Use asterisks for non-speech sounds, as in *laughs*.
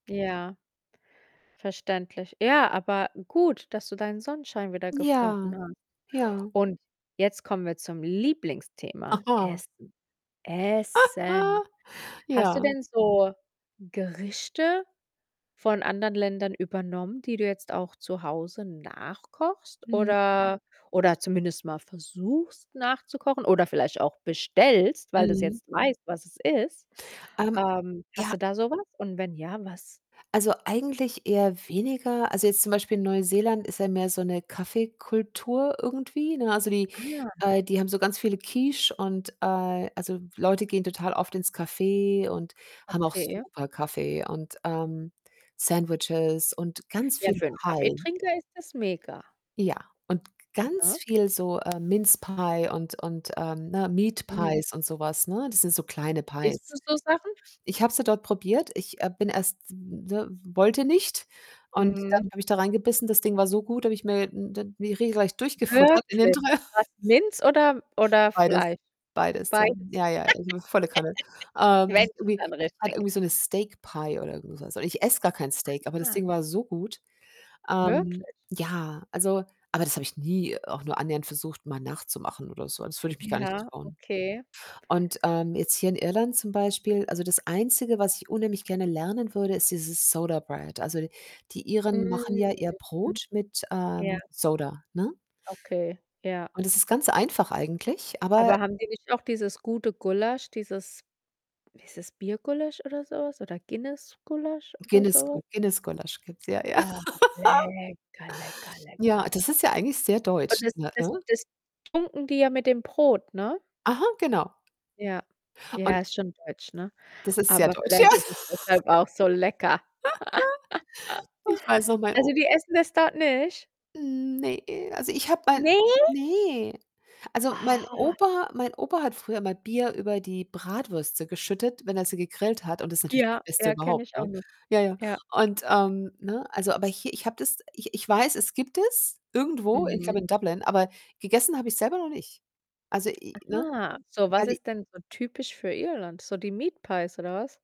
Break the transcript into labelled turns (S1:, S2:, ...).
S1: Ja, verständlich. Ja, aber gut, dass du deinen Sonnenschein wieder
S2: Ja,
S1: gefunden hast.
S2: ja.
S1: Und jetzt kommen wir zum Lieblingsthema,
S2: Haha.
S1: Essen, Essen.
S2: *laughs*
S1: Hast du
S2: Ja.
S1: denn so Gerichte von anderen Ländern übernommen, die du jetzt auch zu Hause nachkochst
S2: Mhm.
S1: oder oder zumindest mal versuchst nachzukochen oder vielleicht auch bestellst, weil du's
S2: Mhm.
S1: jetzt weißt, was es ist?
S2: Ähm,
S1: Ähm, hast
S2: ja.
S1: du da so was und wenn ja, was?
S2: Also, eigentlich eher weniger. Also, jetzt zum Beispiel Neuseeland ist ja mehr so 'ne Kaffeekultur irgendwie, ne? Also, die
S1: Ah.
S2: äh, die haben so ganz viele Quiche und äh, also, Leute gehen total oft ins Café und haben auch
S1: Okay.
S2: super Kaffee und, ähm, Sandwiches und ganz
S1: Ja,
S2: viel
S1: für 'n
S2: Pie.
S1: Kaffeetrinker ist das mega.
S2: Ja, und g ganz
S1: Ja.
S2: viel so, äh, Mince pie und und, ähm, ne Meat
S1: Mhm.
S2: Pies und so was, ne? Das sind so kleine
S1: Isst du
S2: Pies.
S1: so Sachen?
S2: Ich habe sie dort probiert. Ich, äh, bin erst ne, wollte nicht und
S1: Mhm.
S2: dann habe ich da reingebissen. Das Ding war so gut, da habe ich mir n die regelrecht durchgefuttert in den
S1: Wirklich.
S2: dr *laughs*
S1: Was? Mince oder oder
S2: Beides,
S1: Fleisch?
S2: beides, ja.
S1: Beides.
S2: Ja,
S1: *laughs*
S2: ja, äh, volle Kanne. Ähm,
S1: Wenn schon,
S2: irgendwie
S1: dann richtig.
S2: *unintelligible* so 'ne Steak Pie oder so was und ich esse gar kein Steak, aber das
S1: Aha.
S2: Ding war so gut. Ähm,
S1: Wirklich?
S2: ja, also aber das habe ich nie auch nur annähernd versucht, mal nachzumachen oder so. Das würde ich mich gar nicht
S1: Ja,
S2: trauen
S1: okay.
S2: und, ähm, jetzt hier in Irland zum Beispiel also, das Einzige, was ich unheimlich gerne lernen würde, ist dieses Soda Bread. Also, d die
S1: Mm.
S2: Iren machen ja ihr
S1: Mhm.
S2: Brot mit,
S1: Ja.
S2: ähm, Soda, ne?
S1: Okay, ja.
S2: Und das ist ganz einfach eigentlich, aber
S1: Aber haben die nicht noch dieses gute Gulasch, dieses wie ist das Biergulasch oder so was oder Guinness Gulasch oder
S2: Guiness Gu
S1: so?
S2: Guiness-Gulasch gibt's ja, ja.
S1: Oh,
S2: *laughs*
S1: lecker, lecker,
S2: Ja,
S1: lecker.
S2: das ist ja eigentlich sehr
S1: Und
S2: deutsch,
S1: das
S2: ne?
S1: das das tunken die ja mit dem Brot, ne?
S2: Aha, genau.
S1: Ja,
S2: Und
S1: ja, ist schon deutsch, ne?
S2: das ist sehr
S1: Aber
S2: deutsch, ja.
S1: vielleicht ist es
S2: *laughs*
S1: deshalb auch so lecker. *laughs*
S2: *laughs* Ich weiß noch, mein O
S1: Also, die essen das dort nicht?
S2: Ne, also, ich habe mein
S1: Ne?
S2: ne, also, mein
S1: Ah.
S2: Opa mein Opa hat früher immer Bier über die Bratwürste geschüttet, wenn er sie gegrillt hat und das ist natürlich das
S1: Ja,
S2: Beste
S1: ja, kenne
S2: überhaupt,
S1: ich auch
S2: ne?
S1: noch.
S2: Ja, ja
S1: Ja.
S2: und, ähm, ne, also, aber hier ich habe das ich ich weiß, es gibt es irgendwo, ich glaube
S1: Mhm.
S2: in Dublin, aber gegessen habe ich's selber noch nicht. Also, i i ne,
S1: Ah. So,
S2: weil
S1: was
S2: die
S1: ist denn so typisch für Irland? So die Meat Pies oder was?